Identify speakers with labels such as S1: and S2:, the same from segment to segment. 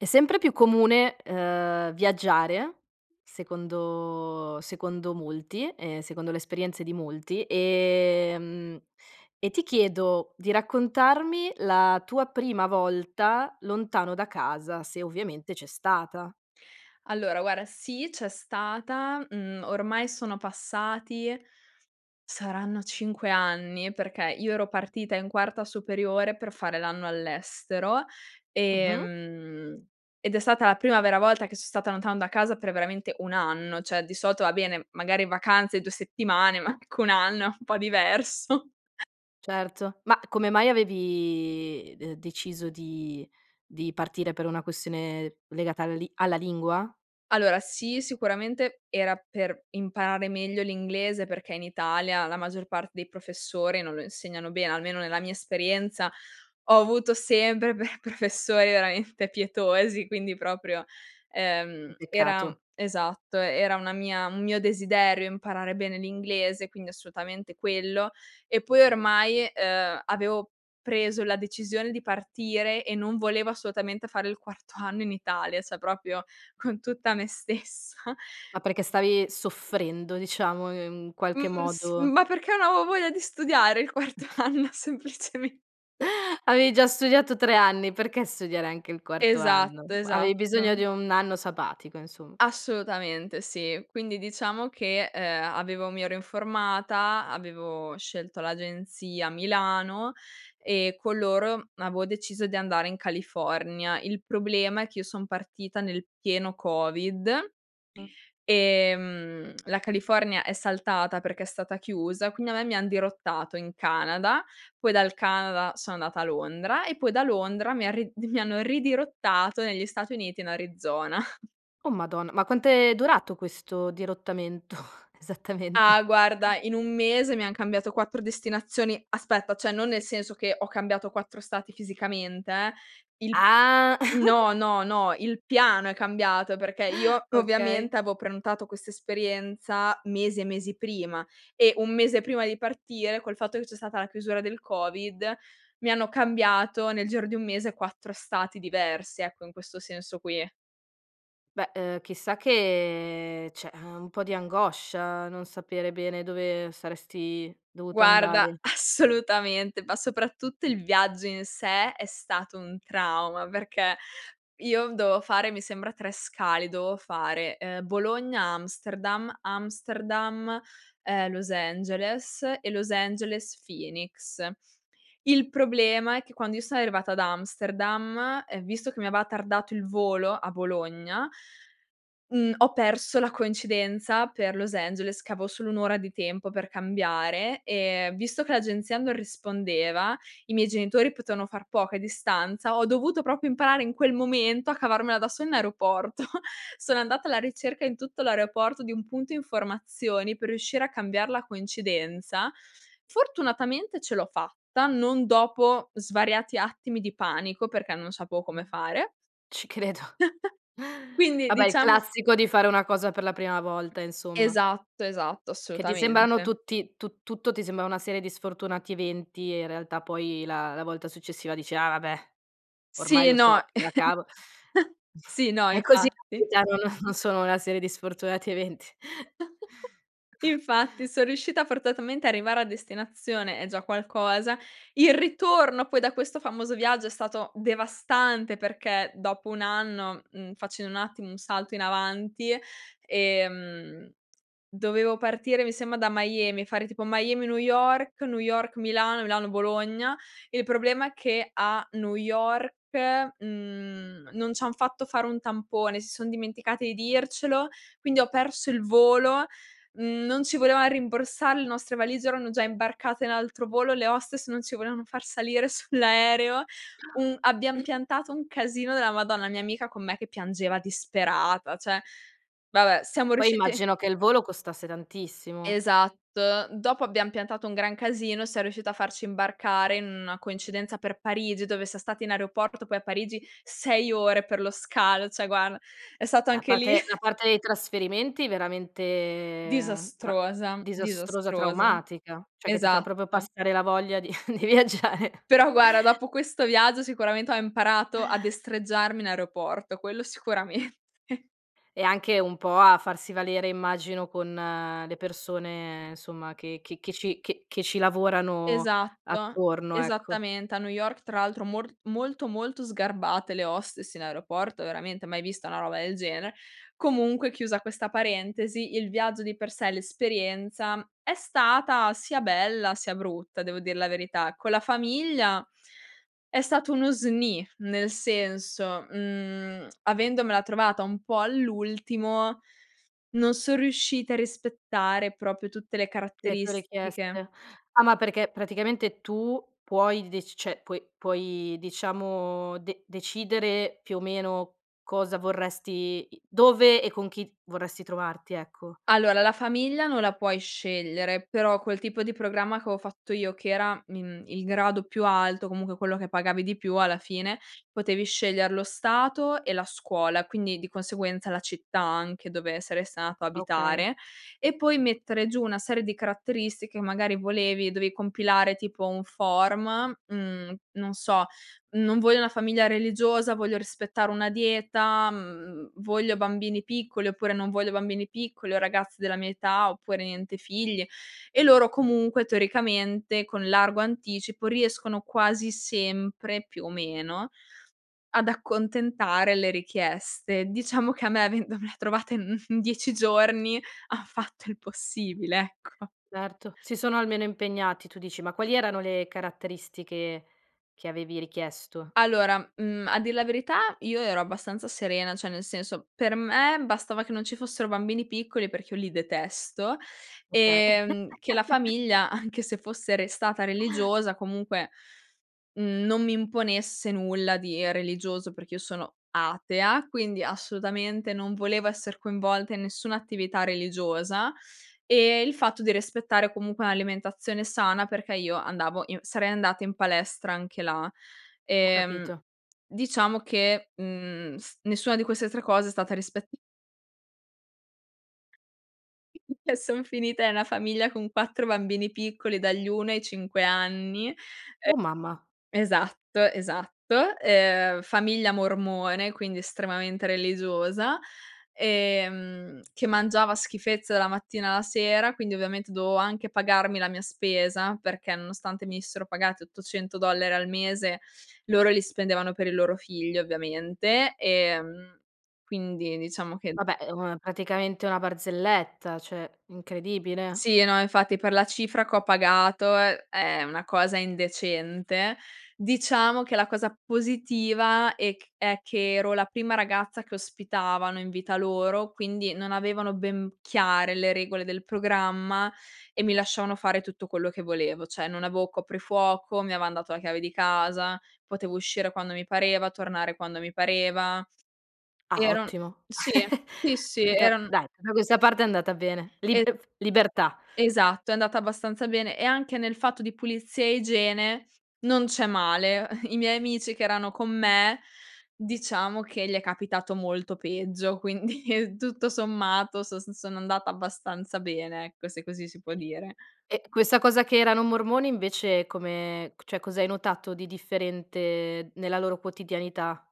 S1: È sempre più comune, uhm, viaggiare, secondo secondo molti, ehm secondo le esperienze di molti, ehm e ti chiedo di raccontarmi la tua prima volta lontano da casa, se ovviamente c'è stata.
S2: Allora guarda sì, c'è stata. Mhmm, ormai sono passati saranno 5 anni, perché io ero partita in quarta superiore per fare l'anno all'estero e,
S1: Mh-mh.
S2: mhmm, ed è stata la prima vera volta che son stata lontano da casa per veramente 1 anno; cioè di solito, va bene, magari vacanze 2 settimane ma anche 1 anno è un po' diverso.
S1: Certo. Ma come mai avevi de deciso di di partire per una questione legata alla li alla lingua?
S2: Allora sì sicuramente era per imparare meglio l'inglese perché in Italia la maggior parte dei professori non lo insegnano bene. Almeno nella mia esperienza, ho avuto sempre per professori veramente pietosi. Quindi proprio
S1: Che
S2: ehm, era mhmm,
S1: peccato.
S2: esatto, era una mia un mio desiderio imparare bene l'inglese quindi assolutamente quello. E poi ormai uhm, avevo preso la decisione di partire e non volevo assolutamente fare il quarto anno in Italia. Cioè proprio con tutta me stessa.
S1: Ma perché stavi soffrendo, diciamo, in qualche
S2: Mhmm s
S1: modo
S2: ma perché non avevo voglia di studiare il quarto anno semplicemente.
S1: Avevi già studiato 3 anni perché studiare anche il quarto anno?
S2: Esatto,
S1: Avevi bisogno di
S2: esatto.
S1: un anno sabbatico insom
S2: Assolutamente sì. Quindi diciamo che, ehm, avevo mi ero informata, avevo scelto l'agenzia a Milano e con loro avevo deciso di andare in California. Il problema è che io son partita nel pieno COVID,
S1: Mh.
S2: ehm, la California è saltata perché è stata chiusa quindi a me mi han dirottato in Canada, poi dal Canada sono andata a Londra e poi da Londra mi han rid mi hanno ridirottato negli Stati Uniti in Arizona.
S1: Oh madonna, ma quant'è durato questo dirottamento
S2: Ah,
S1: esattamente?
S2: guarda in 1 mese mi han cambiato 4 destinazioni. Aspetta cioè non nel senso che ho cambiato 4 stati fisicamente eh; il
S1: Ah.
S2: no, no, no, il piano è cambiato perché io
S1: Okay.
S2: ovviamente avevo prenotato questa esperienza mesi e mesi prima e 1 mese prima di partire, col fatto che c'è stata la chiusura del COVID mi hanno cambiato nel giro di 1 mese 4 stati diversi, ecco in questo senso qui.
S1: Beh, uhm, chissà che cioè un po' di angoscia non sapere bene dove saresti dovuta
S2: Guarda
S1: andare.
S2: assolutamente, ma soprattutto il viaggio in sé è stato un trauma. Perché io dovevo fare mi sembra 3 scali. Dovevo fare ehm, Bologna Amsterdam, Amsterdam ehm, Los Angeles e Los Angeles Phoenix. Il problema è che quando io sono arrivata ad Amsterdam e visto che mi aveva tardato il volo a Bologna, mhmm, ho perso la coincidenza per Los Angeles che avevo solo 1 ora di tempo per cambiare e visto che l'agenzia non rispondeva, i miei genitori potevano far poco a distanza, ho dovuto proprio imparare in quel momento a cavarmela da sola in aeroporto. Sono andata alla ricerca in tutto l'aeroporto di un punto informazioni per riuscire a cambiare la coincidenza. Fortunatamente ce l'ho fatta non dopo svariati attimi di panico perché non sapevo come fare.
S1: Ci credo.
S2: Quindi
S1: Vabbè il
S2: diciamo
S1: classico di fare una cosa per la prima volta insomma.
S2: Esatto, esatto,
S1: Che ti sembrano
S2: assolutamente.
S1: tutti tu tutto ti sembra una serie di sfortunati eventi e in realtà poi la la volta successiva dici: "Ah vabbè, ormai
S2: Sì,
S1: lo
S2: no.
S1: so, me la cavo",
S2: Sì, no,
S1: è così [unintelligible]
S2: infatti.
S1: già non non sono una serie di sfortunati eventi.
S2: Infatti son riuscita forzatamente a arrivare a destinazione, è già qualcosa; il ritorno poi da questo famoso viaggio è stato devastante perché dopo un anno, mhmm, facendo un attimo un salto in avanti, ehm, dovevo partire mi sembra da Miami, fare tipo Miami New York, New York Milano, Milano Bologna. Il problema è che a New York, mhmm, non ci han fatto fare un tampone, si son dimenticati di dircelo, quindi ho perso il volo; non ci volevano rimborsare, le nostre valigie erano già imbarcate in altro volo, le hostess non ci volevano far salire sull'aereo, un
S1: [unintelligible]
S2: abbiam piantato un casino della Madonna. La mia amica con me che piangeva disperata cioè. Vabbè
S1: A
S2: siamo
S1: poi
S2: riusciti
S1: immagino che il volo costasse tantissimo.
S2: Esatto. Dopo abbiam piantato un gran casino, siam riuscite a farci imbarcare in una coincidenza per Parigi dove siam state in aeroporto, poi, a Parigi, 6 ore per lo scalo cioè guarda, è stato
S1: E a
S2: anche lì
S1: parte la parte dei trasferimenti veramente tra
S2: Disastrosa,
S1: disastrosa,
S2: disastrosa,
S1: traumatica. Cioè che ti fa proprio
S2: esatto.
S1: passare la voglia di di viaggiare.
S2: Però guarda, dopo questo viaggio sicuramente ho imparato a destreggiarmi in aeroporto, quello sicuramente.
S1: E anche un po' a farsi valere immagino con le persone, insomma, che che ci che che ci lavorano
S2: Esatto.
S1: attorno ecco.
S2: Esattamente a New York tra l'altro mor molto, molto sgarbate le hostess in aeroporto, veramente, mai vista una roba del genere. Comunque chiusa questa parentesi, il viaggio di per sé, l'esperienza è stata sia bella sia brutta devo dir la verità. Con la famiglia è stato uno sni nel
S1: Mh.
S2: senso: mhmm, avendomela trovata un po' all'ultimo non son riusciti a rispettare proprio tutte le
S1: Le tue
S2: caratteristiche.
S1: richieste. Ah, ma perché praticamente tu puoi d deci cioè puoi puoi, diciamo, de decidere più o meno cosa vorresti dove e con chi vorresti trovarti, ecco?
S2: Allora la famiglia non la puoi scegliere, però quel tipo di programma che avevo fatto io che era, mhmm, il grado più alto, comunque quello che pagavi di più alla fine, potevi scegliere lo stato e la scuola. Quindi di conseguenza la città anche dove saresti andata a
S1: Okay.
S2: abitare, e poi mettere giù una serie di caratteristiche che magari volevi, dovevi compilare tipo un form, mhmm, non so: non voglio una famiglia religiosa, voglio rispettare una dieta, mhmm, voglio bambini piccoli, oppure non voglio bambini piccoli o ragazzi della mia età, oppure niente figli. E loro comunque teoricamente con largo anticipo riescono quasi sempre, più o meno, ad accontentare le richieste. Diciamo che a me avendomela trovate in 10 giorni han fatto il possibile ecco.
S1: Certo, si sono almeno impegnati, tu dici. Ma quali erano le caratteristiche che avevi richiesto?
S2: Allora, mhmm, a dir la verità io ero abbastanza serena, cioè nel senso, per me bastava che non ci fossero bambini piccoli perché io li detesto,
S1: Okay.
S2: ehm, che la famiglia anche se fosse restata religiosa comunque, non mi imponesse nulla di religioso perché io sono atea, quindi assolutamente non volevo essere coinvolta in nessuna attività religiosa, ehm, il fatto di rispettare comunque un'alimentazione sana perché io andavo in sarei andata in palestra anche là.
S1: Ho
S2: Ehm,
S1: capito.
S2: diciamo che, mhmm, s nessuna di queste 3 cose è stata rispet Eh, son finita in una famiglia con 4 bambini piccoli, dagli 1 ai 5 anni. E
S1: Oh mamma.
S2: esatto, esatto. Ehm, famiglia mormone, quindi estremamente religiosa ehm, che mangiava schifezze dalla mattina alla sera, quindi ovviamente dovevo anche pagarmi la mia spesa, perché nonostante venissero pagati 800 $ al mese, loro li spendevano per il loro figlio ovviamente, ehm quindi diciamo che
S1: Vabbè uhm, praticamente una barzelletta cioè, incredibile.
S2: Sì, no, infatti, per la cifra che ho pagato è è una cosa indecente. Diciamo che la cosa positiva è è che ero la prima ragazza che ospitavano in vita loro, quindi non avevano ben chiare le regole del programma e mi lasciavano fare tutto quello che volevo. Cioè non avevo coprifuoco, mi avevan dato la chiave di casa, potevo uscire quando mi pareva, tornare quando mi pareva.
S1: Ah
S2: Ero
S1: ottimo,
S2: sì. Sì, sì.
S1: tutta
S2: Eran
S1: dai, tuta questa parte è andata bene.
S2: E
S1: Libef libertà.
S2: Esatto è andata abbastanza bene e anche nel fatto di pulizia e igiene non c'è male. I miei amici che erano con me diciamo che gli è capitato molto peggio. Quindi tutto sommato sos son andata abbastanza bene ecco, se così si può dire.
S1: E questa cosa che erano mormoni invece come c cioè, cos'hai notato di differente nella loro quotidianità?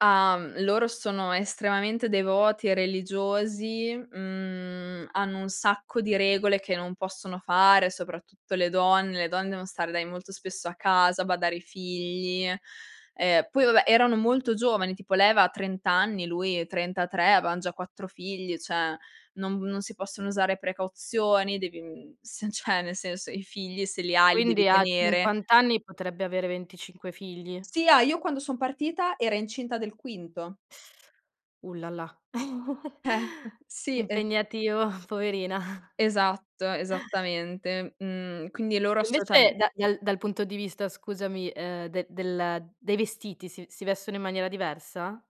S2: Ah, mhmm, loro sono estremamente devoti religiosi, mhmm, hanno un sacco di regole che non possono fare, soprattutto le donne, le donne devono stare dai molto spesso a casa, badare ai figli. Ehm, poi, vabbè, erano molto giovani, tipo lei aveva 30 anni, lui 33, avevan già 4 figli, cioè, non non si possono usare precauzioni, devi, mhmm, s cioè nel senso, i figli se li hai, li devi
S1: Quindi a
S2: tenere.
S1: 50 anni potrebbe avere 25 figli?
S2: Sì, ah, io quando son partita era incinta del quinto.
S1: Ullalà!
S2: Eh, sì e
S1: Impegnativo, poverina.
S2: Esatto, esattamente, mhmm, quindi loro
S1: E invece
S2: assolutam
S1: da dal dal punto di vista, scusami, ehm, de del dei vestiti, si si vestono in maniera diversa?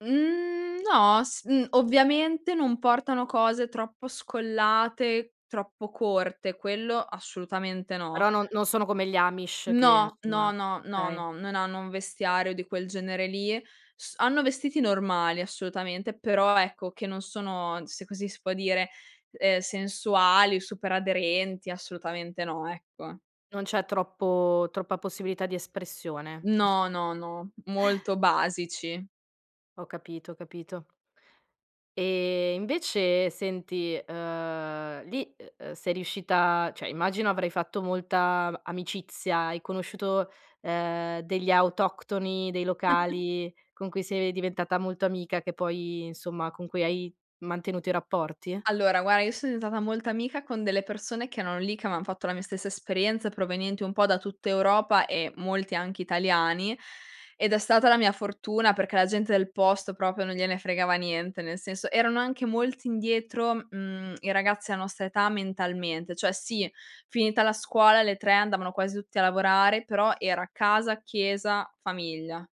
S2: Mhmm, no, s mhmm, ovviamente, non portano cose troppo scollate, troppo corte, quello assolutamente no.
S1: Però no non sono come gli Amish che
S2: No, no,
S1: insomma
S2: no, no,
S1: okay.
S2: no, non hanno un vestiario di quel genere lì. S hanno vestiti normali, assolutamente, però, ecco, che non sono, se così si può dire, ehm, sensuali o super aderenti assolutamente no, ecco.
S1: Non c'è troppo troppa possibilità di espressione.
S2: No, no, no, molto basici.
S1: Ho capito, ho capito. Ehm, invece senti, uhm, lì, uhm, sei riuscita, cioè immagino avrai fatto molta amicizia, hai conosciuto, ehm, degli autoctoni, dei locali, con cui sei diventata molto amica, che poi, insomma con cui hai mantenuto i rapporti?
S2: Allora, guarda io sono diventata molta amica con delle persone che erano lì, che avevan fatto la mia stessa esperienza, provenienti un po' da tutta Europa e molti anche italiani ed è stata la mia fortuna, perché la gente del posto proprio non gliene fregava niente, nel senso erano anche molti indietro, mhmm, i ragazzi della nostra età, mentalmente. Cioè, sì, finita la scuola, le 3 andavano quasi tutti a lavorare però era casa, chiesa, famiglia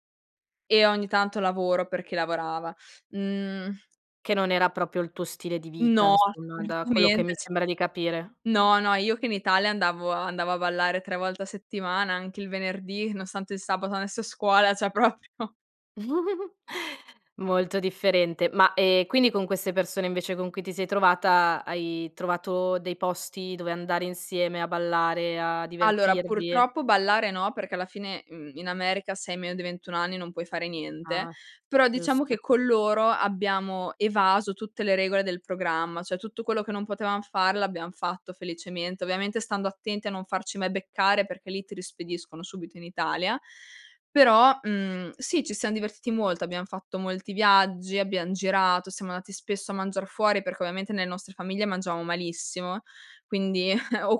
S2: e ogni tanto lavoro perché lavorava, mhmm
S1: Che non era proprio il tuo stile di vita,
S2: No
S1: insomma, da quello che
S2: assolutamente,
S1: mi
S2: c
S1: sembra di capire.
S2: no, no, io che in Italia andavo a andavo a ballare 3 volte a settimana, anche il venerdì, nonostante il sabato andassi a scuola, cioè proprio
S1: Molto differente ma, ehm, quindi con queste persone invece con cui ti sei trovata, hai trovato dei posti dove andare insieme a ballare, a
S2: Allora,
S1: divertirvi?
S2: purtroppo ballare no perché alla fine, mhmm, in America se hai meno di 21 anni non puoi fare niente,
S1: Ah,
S2: però diciamo che
S1: giusto.
S2: con loro abbiamo evaso tutte le regole del programma, cioè tutto quello che non potevam fare, l'abbiam fatto felicemente, ovviamente stando attenti a non farci mai beccare perché lì ti rispediscono subito in Italia, però, mhmm, sì ci siam divertiti molto, abbiam fatto molti viaggi, abbiam girato, siamo andati spesso a mangiar fuori perché ovviamente nelle nostre famiglie mangiavamo malissimo, quindi o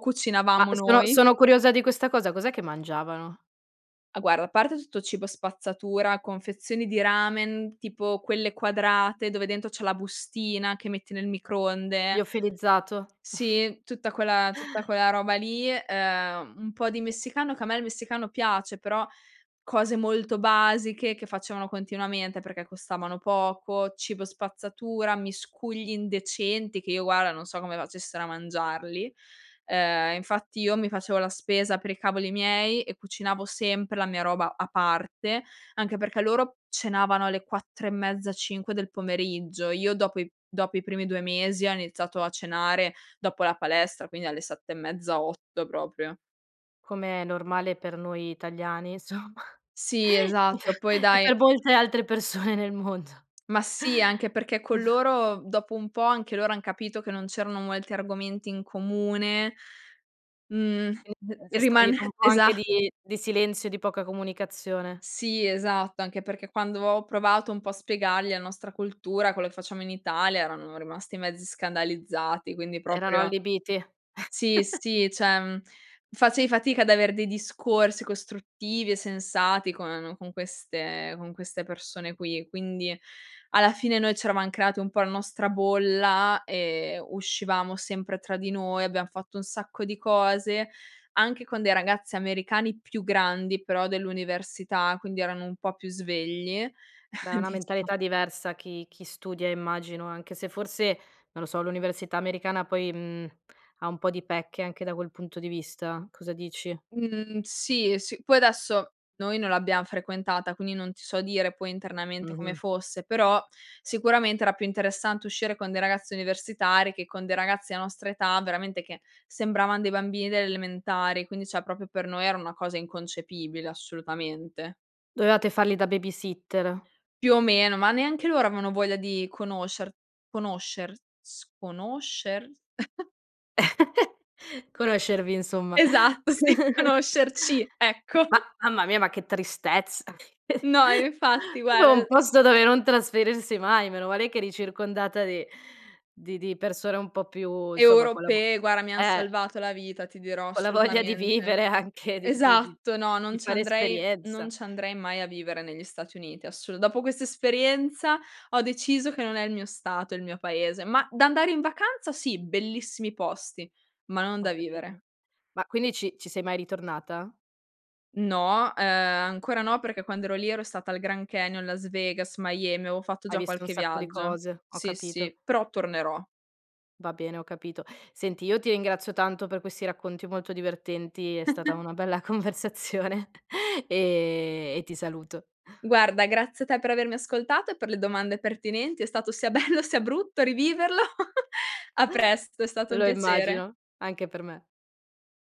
S1: Ma
S2: cucinavamo
S1: sono
S2: noi
S1: sono curiosa di questa cosa. Cos'è che mangiavano?
S2: Ah, guarda a parte tutto cibo spazzatura, confezioni di ramen, tipo quelle quadrate dove dentro c'è la bustina che metti nel microonde
S1: Liofilizzato?
S2: Sì tutta quella tutta quella roba lì, ehm, un po' di messicano, che a me il messicano piace però, cose molto basiche che facevano continuamente perché costavano poco, cibo spazzatura, miscugli indecenti che io guarda non so come facessero a mangiarli, ehm, infatti io mi facevo la spesa per i cavoli miei e cucinavo sempre la mia roba a parte, anche perché loro cenavano alle 4 e mezza, 5 del pomeriggio, io dopo i dopo i primi 2 mesi ho iniziato a cenare dopo la palestra, quindi alle 7 e mezza, 8 proprio.
S1: Com'è normale per noi italiani insomma,
S2: Sì esatto, poi
S1: e e
S2: dai
S1: per molte altre persone nel mondo.
S2: Ma sì, anche perché con loro, dopo un po' anche loro han capito che non c'erano molti argomenti in comune, mhmm,
S1: [unintelligible]
S2: ri
S1: si è
S2: rimane
S1: stabilito un po'
S2: esa
S1: anche di di silenzio, di poca comunicazione.
S2: Sì esatto, anche perché quando ho provato un po' a spiegargli la nostra cultura, quello che facciamo in Italia, erano rimasti mezzi scandalizzati quindi
S1: Erano
S2: proprio
S1: allibiti.
S2: Sì, sì, cioè facevi fatica ad avere dei discorsi costruttivi e sensati con con queste con queste persone qui, quindi alla fine noi c'eravam creati un po' la nostra bolla, ehm, uscivamo sempre tra di noi, abbiam fatto un sacco di cose, anche con dei ragazzi americani più grandi però, dell'università quindi erano un po' più svegli,
S1: Beh, è una
S2: [unintelligible]
S1: mentalità diversa chi chi studia immagino, anche se forse, non lo so, l'università americana poi, mhmm, ha un po' di pecche anche da quel punto di vista. Cosa dici?
S2: Mhmm, sì, s poi adesso noi non l'abbiam frequentata, quindi non ti so dire poi internamente come
S1: Mh-mh.
S2: fosse, però sicuramente era più interessante uscire con dei ragazzi universitari che con dei ragazzi dell nostra età, veramente che sembravan dei bambini delle elementari, quindi cioè proprio per noi era una cosa inconcepibile, assolutamente.
S1: Dovevate farli da babysitter.
S2: Più o meno, ma neanche loro avevano voglia di conoscer conoscers conoscer
S1: Conoscervi, insomma!
S2: Esatto, sì, conoscerci,
S1: M
S2: ecco!
S1: ma mamma mia, ma che tristezza,
S2: No, infatti,
S1: propio
S2: guarda,
S1: un
S2: d
S1: posto dove non trasferirsi mai, meno male che eri circondata di di di persone un po' più, insomma, collabo
S2: Europee, guarda, mi han
S1: eh!
S2: salvato la vita, ti dirò,
S1: Con la voglia di
S2: assolutamente!
S1: vivere, anche, di di di
S2: Esatto, no, non
S1: di
S2: ci
S1: fare
S2: andrei non
S1: esperienza!
S2: ci andrei mai a vivere negli Stati Uniti assolu dopo questa esperienza, ho deciso che non è il mio stato il mio paese, ma d'andare in vacanza sì, bellissimi posti, ma non
S1: Ho
S2: da vivere.
S1: capito. Ma quindi ci ci sei mai ritornata?
S2: No, ehm, ancora no perché quando ero lì ero stata al Grand Canyon, Las Vegas, Miami, avevo fatto
S1: Hai
S2: già
S1: visto un
S2: qualche
S1: sacco di
S2: viaggio.
S1: cose, ho
S2: Sì,
S1: capito.
S2: sì, però tornerò.
S1: Va bene, ho capito. Senti, io ti ringrazio tanto per questi racconti molto divertenti, è stata una bella conversazione, ehm, e ti saluto.
S2: Guarda, grazie a te per avermi ascoltato e per le domande pertinenti. È stato sia bello, sia brutto riviverlo. A presto, è stato un
S1: Lo
S2: piacere.
S1: immagino, anche per me.